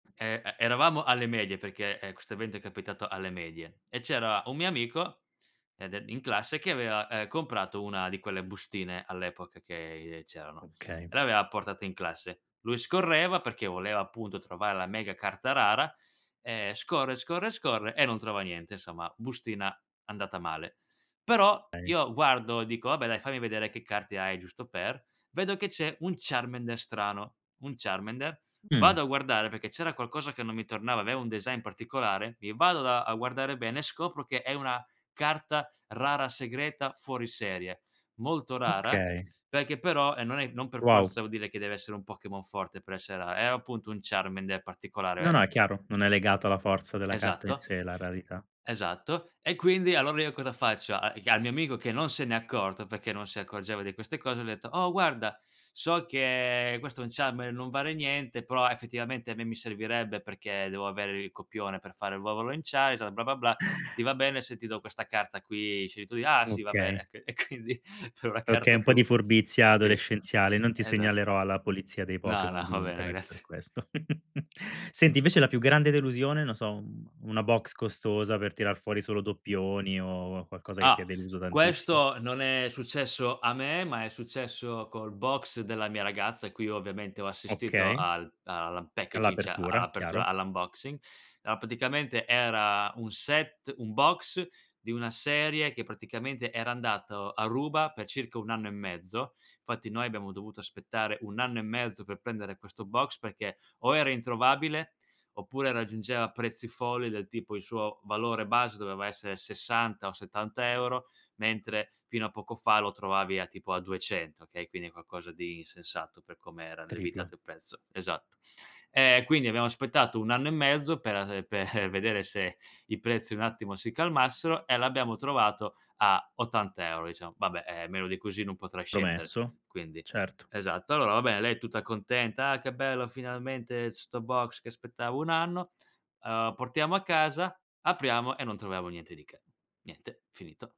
Ehm, e eravamo alle medie, perché, ehm, questo evento è capitato alle medie, e c'era un mio amico ed e in classe che aveva, ehm, comprato una di quelle bustine all'epoca che c'erano Okay. e l'aveva portata in classe. Lui scorreva perché voleva appunto, trovare la mega carta rara e scorre, scorre, scorre e non trova niente insomma, bustina andata male. Però Ei io guardo e dico: "Vabbè dai, fammi vedere che carte hai giusto per." Vedo che c'è un Charmander strano, un Charmander vado Mh. a guardare perché c'era qualcosa che non mi tornava, aveva un design particolare, i vado da a guardare bene e scopro che è una carta rara segreta fuori serie, molto rara, Okay. perché però, e non è non per Wow. forza vuol dire che deve essere un Pokémon forte per essere rara, era appunto un Charmander No, particolare. no, è chiaro, non è legato alla forza della carta in Esatto. sé, la rarità. Esatto. E quindi allora io cosa faccio, a al mio amico che non se n'è accorto, perché non si accorgeva di queste cose, gli ho detto: "Oh guarda, so che questo è un Charmander non vale niente, però effettivamente a me mi servirebbe perché devo avere il copione per fare il [unintelligible] blah-blah-blah, Eh. ti va bene se ti do questa carta qui? Scegli tu." "Ah, sì va Okay. bene." E quindi per una Okay, carta un che po' di ho furbizia sì, adolescenziale, non ti esa segnalerò alla polizia dei No, no, Pokémon ho di bene, internet per grazie. questo. Senti, invece la più grande delusione, non so, un una boxe costosa per tirar fuori solo doppioni o qualcosa che ti Ah, ha deluso tantissimo? questo non è successo a me, ma è successo col box della mia ragazza a cui ho ovviamente ho assistito Okay. al all' unpackaging a All'apertura, apertura chiaro. all' unboxing. A praticamente era un set un box di una serie che praticamente era andato a ruba per circa 1 anno e mezzo. Fatti noi abbiamo dovuto aspettare 1 anno e mezzo per prendere questo box, perché o era introvabile oppure raggiungeva prezzi folli del tipo il suo valore base doveva essere 60 o 70 €, mentre fino a poco fa lo trovavi a tipo a 200, okay, quindi è qualcosa di insensato per come era Triplo. levitato il prezzo. Esatto. E quindi abbiamo aspettato 1 anno e mezzo per [unintelligible] per vedere se i prezzi un attimo si calmassero e l'abbiamo trovato a 80 € diciamo. Vabbè eh, meno di così non potrà scendere Promesso. quindi. Certo. Esatto. Allora va bene lei è tutta contenta: "Ah, che bello finalmente 'sto box che aspettavo 1 anno." Uhm, portiamo a casa, apriamo e non troviamo niente di che. Niente, finito.